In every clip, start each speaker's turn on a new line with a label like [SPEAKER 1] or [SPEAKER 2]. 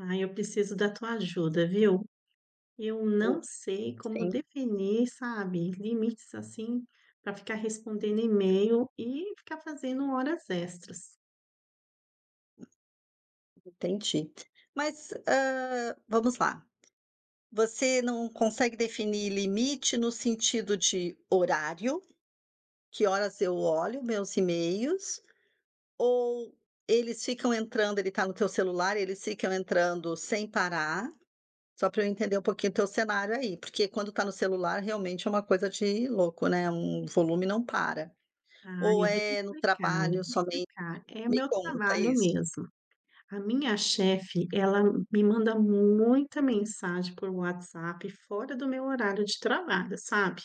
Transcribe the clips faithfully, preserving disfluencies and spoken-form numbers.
[SPEAKER 1] Ai, eu preciso da tua ajuda, viu? Eu
[SPEAKER 2] O
[SPEAKER 1] não sei como
[SPEAKER 2] sim.
[SPEAKER 1] definir, sabe, limites, assim, pra ficar respondendo e-mail e ficar fazendo horas extras.
[SPEAKER 2] Entendi. Mas, hã vamos lá. Você não consegue definir limite no sentido de horário? "Que horas eu olho meus e-mails?" Ou eles ficam entrando? Ele tá no teu celular, eles ficam entrando sem parar? Só pra eu entender um pouquinho teu cenário aí. Porque quando tá no celular, realmente, é uma coisa de louco, né? Hum, o volume não para.
[SPEAKER 1] Ah,
[SPEAKER 2] Ou
[SPEAKER 1] eu vou te
[SPEAKER 2] é no
[SPEAKER 1] explicar. Vou
[SPEAKER 2] trabalho
[SPEAKER 1] te
[SPEAKER 2] somente?
[SPEAKER 1] explicar. É o
[SPEAKER 2] Me
[SPEAKER 1] meu
[SPEAKER 2] conta
[SPEAKER 1] trabalho
[SPEAKER 2] isso.
[SPEAKER 1] mesmo. A minha chefe, ela me manda muita mensagem por WhatsApp fora do meu horário de trabalho, sabe?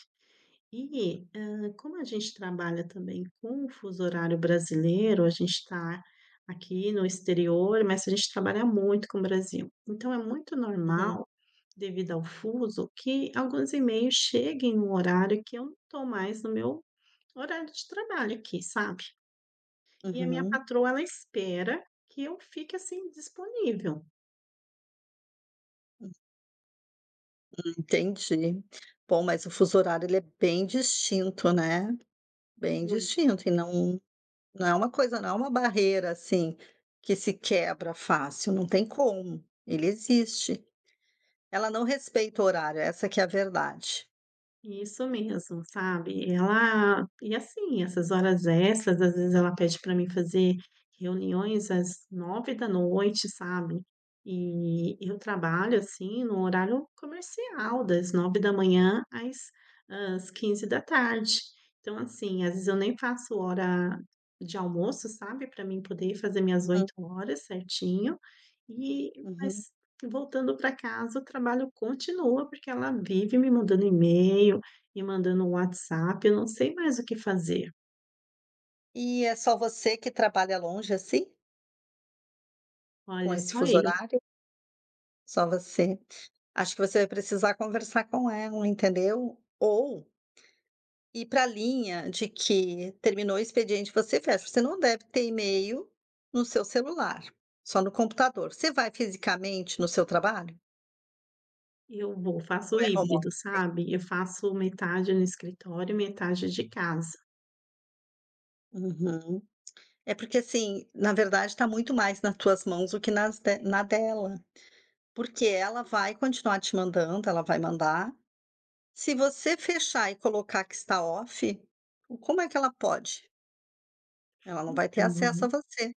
[SPEAKER 1] E, hã, como a gente trabalha também com o fuso horário brasileiro, a gente tá aqui no exterior, mas a gente trabalha muito com o Brasil. Então é muito
[SPEAKER 2] Uhum.
[SPEAKER 1] normal, devido ao fuso, que alguns e-mails cheguem no horário que eu não tô mais no meu horário de trabalho aqui, sabe? E a minha
[SPEAKER 2] Uhum.
[SPEAKER 1] patroa, ela espera que eu fique, assim, disponível.
[SPEAKER 2] Hum. Hum, entendi. Bom, mas o fuso horário ele é bem distinto, né? Bem
[SPEAKER 1] Muito.
[SPEAKER 2] distinto e não não é uma coisa não é uma barreira, assim, que se quebra fácil. Não tem como. Ele existe. Ela não respeita o horário. Essa que é a verdade.
[SPEAKER 1] Isso mesmo, sabe? E ela e, assim, essas horas extras, às vezes ela pede pra mim fazer reuniões às nove da noite, sabe? E eu trabalho, assim, no horário comercial das nove da manhã às hã, às quinze da tarde. Então, assim, às vezes eu nem faço hora de almoço, sabe, pra mim poder ir fazer minhas
[SPEAKER 2] Uhum.
[SPEAKER 1] oito horas certinho. E
[SPEAKER 2] Uhum.
[SPEAKER 1] mas voltando pra casa o trabalho continua, porque ela vive me mandando e-mail, me mandando WhatsApp. Eu não sei mais o que fazer.
[SPEAKER 2] E é só você que trabalha longe, assim? Com
[SPEAKER 1] Olha,
[SPEAKER 2] esse
[SPEAKER 1] só
[SPEAKER 2] fuso
[SPEAKER 1] eu.
[SPEAKER 2] horário? Só você. Acho que você vai precisar conversar com ela, entendeu? Ou ir pra linha de que terminou o expediente você fecha. Você não deve ter e-mail no seu celular, só no computador. Você vai fisicamente no seu trabalho?
[SPEAKER 1] Eu vou.
[SPEAKER 2] Ou
[SPEAKER 1] Faço
[SPEAKER 2] é home
[SPEAKER 1] híbrido,
[SPEAKER 2] office?
[SPEAKER 1] sabe? Eu faço metade no escritório, metade de casa.
[SPEAKER 2] Uhum. É porque, assim, na verdade, tá muito mais na tuas mãos do que nas de na dela. Porque ela vai continuar te mandando, ela vai mandar. Se você fechar e colocar que está off, o como é que ela pode? Ela não vai ter acesso
[SPEAKER 1] Então
[SPEAKER 2] a você.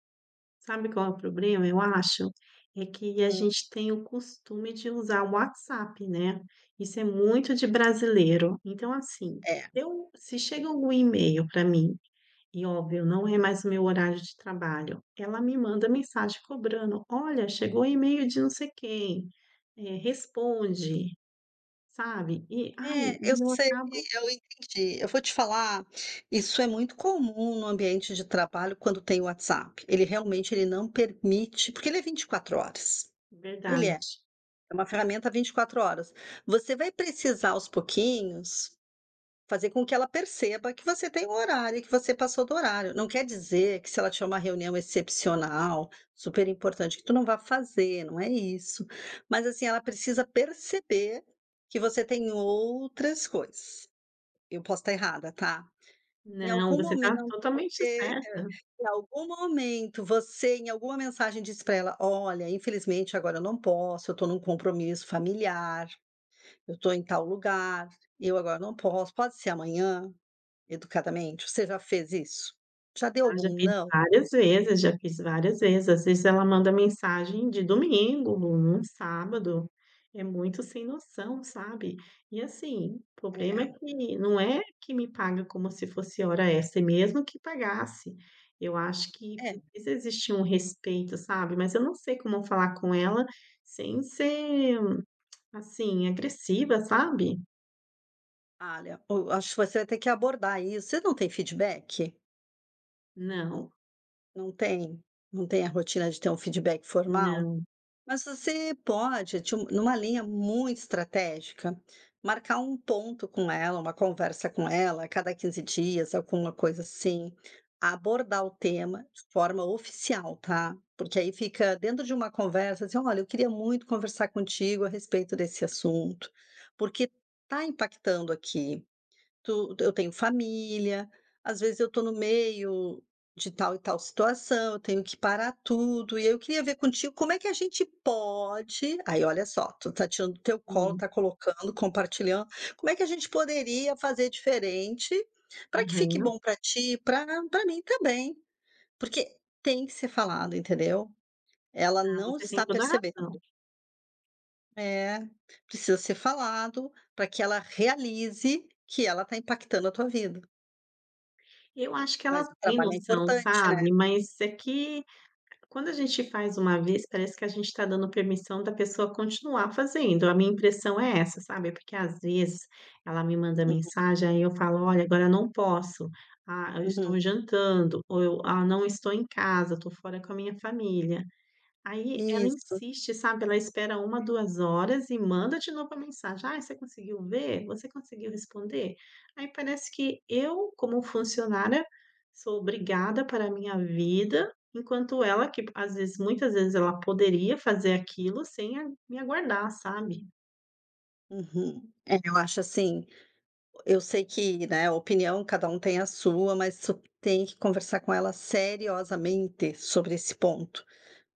[SPEAKER 1] Sabe qual é o probrema eu acho? É que a
[SPEAKER 2] Hum.
[SPEAKER 1] gente tem o costume de usar o WhatsApp, né? Isso é muito de brasileiro. Então assim,
[SPEAKER 2] É.
[SPEAKER 1] eu se chega algum e-mail pra mim, e óbvio, não é mais o meu horário de trabalho, ela me manda mensagem cobrando: "Olha, chegou o e-mail de não sei quem. Eh, responde". Sabe? E, ai,
[SPEAKER 2] É, eu
[SPEAKER 1] e eu
[SPEAKER 2] sei
[SPEAKER 1] acabo
[SPEAKER 2] eu entendi. Eu vou te falar: isso é muito comum no ambiente de trabalho quando tem WhatsApp. Ele, realmente, ele não permite porque ele é vinte e quatro horas. Ele é.
[SPEAKER 1] Verdade.
[SPEAKER 2] É uma ferramenta vinte e quatro horas. Você vai precisar, aos pouquinhos, fazer com que ela perceba que você tem o horário, e que você passou do horário. Não quer dizer que se ela tinha uma reunião excepcional, super importante, que tu não vá fazer, não é isso, mas, assim, ela precisa perceber que você tem outras coisas. Eu posso tá errada, tá? Em
[SPEAKER 1] Não,
[SPEAKER 2] algum
[SPEAKER 1] você tá
[SPEAKER 2] momento
[SPEAKER 1] totalmente
[SPEAKER 2] você
[SPEAKER 1] certa.
[SPEAKER 2] em algum momento você, em alguma mensagem disse pra ela: "Olha, infelizmente agora eu não posso, eu tô num compromisso familiar. Eu tô em tal lugar. Eu agora não posso. Pode ser amanhã?"? Educadamente, você já fez isso? Já deu
[SPEAKER 1] Ah, já
[SPEAKER 2] algum
[SPEAKER 1] teve
[SPEAKER 2] "não"?
[SPEAKER 1] várias vezes, eu já fiz várias vezes. Às vezes ela manda mensagem de domingo, num num sábado, é muito sem noção, sabe? E assim, o probrema é
[SPEAKER 2] É.
[SPEAKER 1] que não é que me paga como se fosse hora extra, e mesmo que pagasse. Eu acho que
[SPEAKER 2] É.
[SPEAKER 1] precisa existir um respeito, sabe, mas eu não sei como falar com ela sem ser, assim, agressiva, sabe?
[SPEAKER 2] alha, o eu acho que você vai ter que abordar isso você não tem feedback?
[SPEAKER 1] Não.
[SPEAKER 2] Não tem? Não tem a rotina de ter um feedback formal?
[SPEAKER 1] Não.
[SPEAKER 2] Mas você pode, tip numa linha muito estratégica, marcar um ponto com ela, uma conversa com ela, a cada quinze dias, alguma coisa assim, abordar o tema de forma oficial, tá? Porque aí fica dentro de uma conversa, assim: "Olha, eu queria muito conversar contigo a respeito desse assunto, porque tá impactando aqui. Tu e eu tenho família, às vezes eu tô no meio de tal e tal situação, eu tenho que parar tudo, e aí, eu queria ver contigo, como é que a gente pode" Aí, olha só, tu tá tirando do teu colo,
[SPEAKER 1] Sim.
[SPEAKER 2] tá colocando, compartilhando: "Como é que a gente poderia fazer diferente, pra que fique
[SPEAKER 1] Aham.
[SPEAKER 2] bom pra ti, e pra pra mim também?". Porque tem que ser falado, entendeu? Ela
[SPEAKER 1] Ah,
[SPEAKER 2] não
[SPEAKER 1] você tem
[SPEAKER 2] está
[SPEAKER 1] toda
[SPEAKER 2] percebendo.
[SPEAKER 1] razão.
[SPEAKER 2] É, precisa ser falado, pra que ela realize que ela tá impactando a tua vida.
[SPEAKER 1] Eu acho que ela
[SPEAKER 2] Mas o
[SPEAKER 1] tem
[SPEAKER 2] trabalho é
[SPEAKER 1] noção,
[SPEAKER 2] importante, né?
[SPEAKER 1] sabe? Mas é que quando a gente faz uma vez parece que a gente tá dando permissão da pessoa continuar fazendo. A minha impressão é essa, sabe? É porque às vezes ela me manda
[SPEAKER 2] Uhum.
[SPEAKER 1] mensagem, aí eu falo: "Olha, agora não posso", "Ah, eu
[SPEAKER 2] Uhum.
[SPEAKER 1] estou jantando", ou eu: "Ah, não estou em casa, tô fora com a minha família". Aí, ela
[SPEAKER 2] Isso.
[SPEAKER 1] insiste, sabe? Ela espera uma, duas horas e manda de novo a mensagem: "Ai, você conseguiu ver?", "Você conseguiu responder?". Aí, parece que eu, como funcionária, sou obrigada a parar a minha vida, enquanto ela que p às vezes muitas vezes, ela poderia fazer aquilo sem a me aguardar, sabe?
[SPEAKER 2] Uhum. É, eu acho assim o eu sei que, né, opinião cada um tem a sua, mas su tem que conversar com ela seriosamente sobre esse ponto.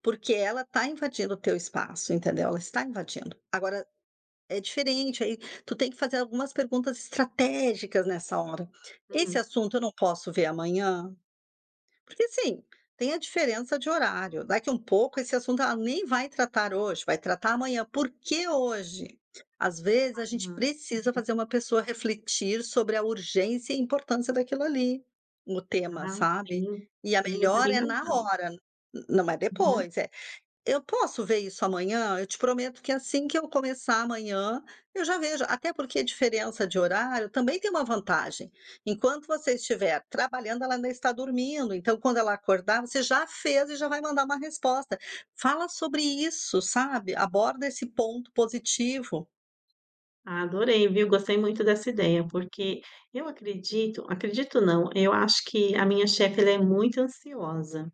[SPEAKER 2] Porque ela tá invadindo o teu espaço, entendeu? Ela está invadindo. Agora, é diferente. Aí, tu tem que fazer algumas perguntas estratégicas nessa hora: "Esse
[SPEAKER 1] Hum.
[SPEAKER 2] assunto, eu não posso ver amanhã?". Porque, assim, tem a diferença de horário. Daqui um pouco, esse assunto ela nem vai tratar hoje. Vai tratar amanhã. Por que hoje? Às vezes, a gente
[SPEAKER 1] Aham.
[SPEAKER 2] precisa fazer
[SPEAKER 1] Uhum.
[SPEAKER 2] uma pessoa refletir sobre a urgência e importância daquilo ali, o tema,
[SPEAKER 1] Ah,
[SPEAKER 2] sabe?
[SPEAKER 1] sim.
[SPEAKER 2] E a
[SPEAKER 1] Sim, você
[SPEAKER 2] melhora
[SPEAKER 1] tem
[SPEAKER 2] é na
[SPEAKER 1] razão.
[SPEAKER 2] hora, n não é
[SPEAKER 1] Uhum.
[SPEAKER 2] depois. Eh, "Eu posso ver isso amanhã? Eu te prometo que assim que eu começar amanhã, eu já vejo". Até porque a diferença de horário também tem uma vantagem. Enquanto você estiver trabalhando, ela ainda está dormindo. Então, quando ela acordar, você já fez e já vai mandar uma resposta. Fala sobre isso, sabe? Aborda esse ponto positivo.
[SPEAKER 1] Adorei, viu? Gostei muito dessa ideia, porque eu acredito acredito não, eu acho que a minha chefe ela é muito ansiosa,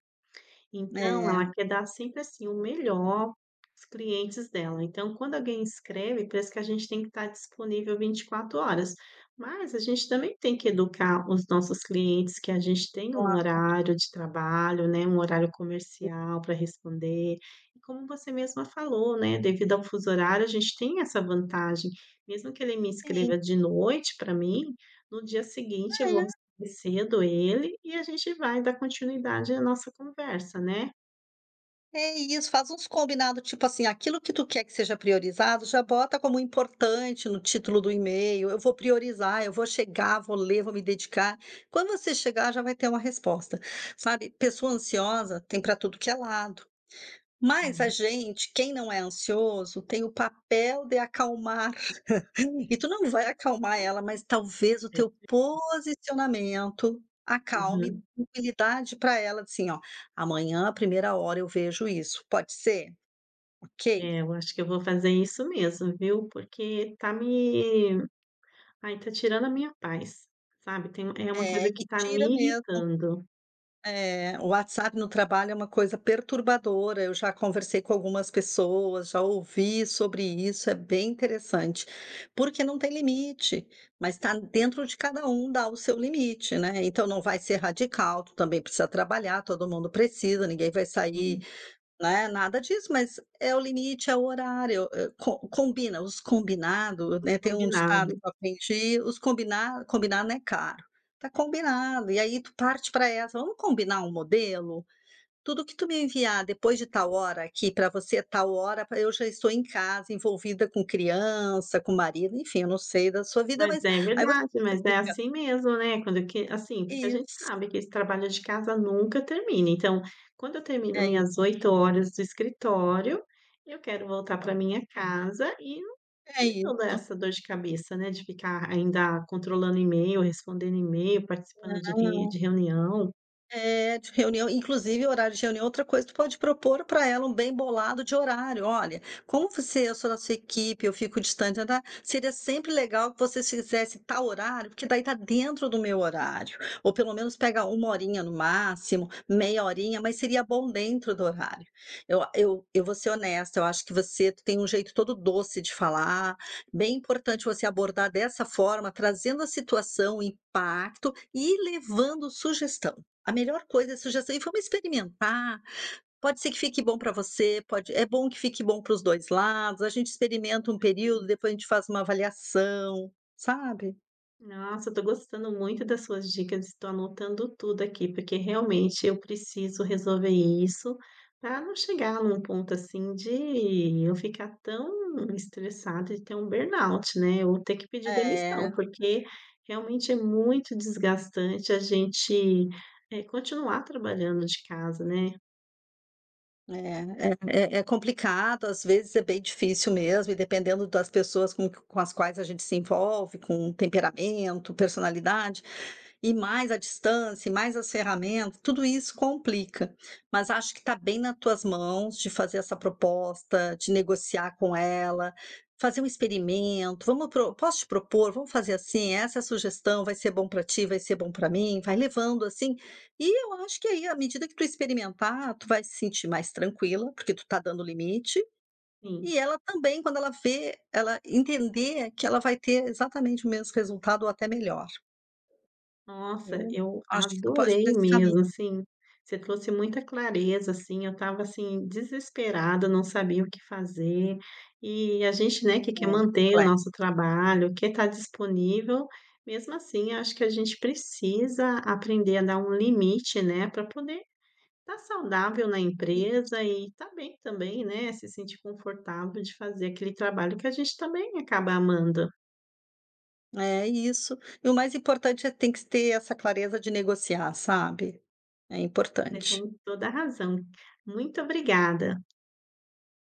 [SPEAKER 1] então
[SPEAKER 2] É.
[SPEAKER 1] ela quer dar sempre, assim, o melhor os clientes dela. Então quando alguém escreve, parece que a gente tem que tá disponível vinte e quatro horas, mas a gente também tem que educar os nossos clientes, que a gente tem um
[SPEAKER 2] Claro.
[SPEAKER 1] horário de trabalho, né, um horário comercial pra responder, e como você mesma falou, né, devido ao fuso horário a gente tem essa vantagem, mesmo que ele me
[SPEAKER 2] Sim.
[SPEAKER 1] escreva de noite pra mim, no dia seguinte eu vou
[SPEAKER 2] É.
[SPEAKER 1] responder cedo ele e a gente vai dar continuidade à nossa conversa, né?
[SPEAKER 2] É isso, faz uns combinados, tipo assim, aquilo que tu quer que seja priorizado, já bota como importante no título do email, "eu vou priorizar, eu vou chegar, vou ler, vou me dedicar", quando você chegar, já vai ter uma resposta. Sabe, pessoa ansiosa tem pra tudo que é lado, mas a
[SPEAKER 1] Hum.
[SPEAKER 2] gente, quem não é ansioso, tem o papel de acalmar e tu não vai acalmar ela, mas talvez o teu
[SPEAKER 1] [unintelligible]
[SPEAKER 2] posicionamento acalme
[SPEAKER 1] Uhum.
[SPEAKER 2] [unintelligible] tranquilidade pra ela, assim oh: "Amanhã à primeira hora eu vejo isso, pode ser? Ok?"
[SPEAKER 1] É, eu acho que eu vou fazer isso mesmo, viu, porque tá me ai, tá tirando a minha paz, sabe? Tem é uma
[SPEAKER 2] É,
[SPEAKER 1] coisa
[SPEAKER 2] e
[SPEAKER 1] que tá me
[SPEAKER 2] tira mesmo.
[SPEAKER 1] irritando.
[SPEAKER 2] É, o WhatsApp no trabalho é uma coisa perturbadora. Eu já conversei com algumas pessoas, já ouvi sobre isso, é bem interessante. Porque não tem limite, mas tá dentro de cada um dar o seu limite, né. Então não vai ser radical, tu também precisa trabalhar, todo mundo precisa, ninguém vai sair,
[SPEAKER 1] Sim.
[SPEAKER 2] né, nada disso, mas é o limite, é o horário, eh, com combina, os combinados,
[SPEAKER 1] O
[SPEAKER 2] né, tem um ditado que
[SPEAKER 1] combinado.
[SPEAKER 2] eu aprendi, os combina combinado não é caro. Tá combinado, e aí, tu parte pra essa: "Vamos combinar um modelo? Tudo que tu me enviar depois de tal hora, aqui, pra você é tal hora pra eu já estou em casa, envolvida com criança, com marido", enfim, eu não sei da sua vida,
[SPEAKER 1] Mas
[SPEAKER 2] mas
[SPEAKER 1] é
[SPEAKER 2] aí voc
[SPEAKER 1] verdade,
[SPEAKER 2] você
[SPEAKER 1] mas é
[SPEAKER 2] fica
[SPEAKER 1] assim mesmo, né, quando que assim, porque a gente
[SPEAKER 2] Isso.
[SPEAKER 1] sabe que esse trabalho de casa nunca termina, então, quando eu termino
[SPEAKER 2] É
[SPEAKER 1] minhas
[SPEAKER 2] isso.
[SPEAKER 1] oito horas do escritório, eu quero voltar pra minha casa e não
[SPEAKER 2] É
[SPEAKER 1] ter toda
[SPEAKER 2] isso.
[SPEAKER 1] essa dor de cabeça, né, de ficar ainda, controlando e-mail, respondendo e-mail, participando de re
[SPEAKER 2] Não.
[SPEAKER 1] de reunião.
[SPEAKER 2] Eh de reunião. Inclusive, horário de reunião é outra coisa que tu pode propor para ela, um bem bolado de horário: "Olha, como você, eu sou da sua equipe, eu fico distante, ta, ta. Seria sempre legal que vocês fizessem tal horário, porque daí, tá dentro do meu horário. Ou, pelo menos, pegar uma horinha no máximo, meia horinha, mas seria bom dentro do horário. Eu eu eu vou ser honesta, eu acho que você tem um jeito todo doce de falar. Bem importante você abordar dessa forma, trazendo a situação, o impacto, e levando sugestão. A melhor coisa é suges: E vamos experimentar, pode ser que fique bom para você, pode é bom que fique bom para os dois lados, a gente
[SPEAKER 1] Com
[SPEAKER 2] experimenta um período,
[SPEAKER 1] certeza.
[SPEAKER 2] depois a gente faz uma avaliação." Sabe?
[SPEAKER 1] Nossa! Eu tô gostando muito das suas dicas, tô anotando tudo aqui. Porque, realmente, eu preciso resolver isso, pra não chegar num ponto, assim, de eu ficar tão estressada e ter um burnout, né, ou ter que pedir demissão.
[SPEAKER 2] É.
[SPEAKER 1] Porque, realmente, é muito desgastante a gente eh continuar trabalhando de casa, né?
[SPEAKER 2] É é é é complicado. Às vezes, é bem difícil mesmo. E dependendo das pessoas com q com as quais a gente se envolve. Com temperamento, personalidade e mais a distância e mais as ferramentas, tudo isso complica. Mas acho que tá bem na tuas mãos de fazer essa proposta, de negociar com ela, fazer um experimento. "Vamos pro" "Posso te propor?", "Vamos fazer assim?", "Essa sugestão vai ser bom para ti, vai ser bom para mim". Vai levando assim. E eu acho que, aí, a medida que tu experimentar, tu vai se sentir mais tranquila, porque tu tá dando limite.
[SPEAKER 1] Sim.
[SPEAKER 2] E ela também. Quando ela vê, ela entender que ela vai ter exatamente o mes resultado ou até melhor.
[SPEAKER 1] Nossa,
[SPEAKER 2] Eu
[SPEAKER 1] eu
[SPEAKER 2] acho que tu pode por
[SPEAKER 1] adorei
[SPEAKER 2] esse caminho.
[SPEAKER 1] mesmo, assim. Você trouxe muita clareza, assim, eu estava, assim, desesperada. Não sabia o que fazer. E a gente, né, que quer
[SPEAKER 2] É,
[SPEAKER 1] manter o
[SPEAKER 2] plexo
[SPEAKER 1] nosso trabalho, quer tá disponível. Mesmo assim, acho que a gente precisa aprender a dar um limite, né, pra poder tá saudável na
[SPEAKER 2] Isso.
[SPEAKER 1] empresa e tá bem também, né? Se sentir confortável de fazer aquele trabalho que a gente também acaba amando.
[SPEAKER 2] É isso. E o mais importante é tem que ter essa clareza de negociar, sabe? É
[SPEAKER 1] Você tem
[SPEAKER 2] importante.
[SPEAKER 1] toda a razão. Muito obrigada!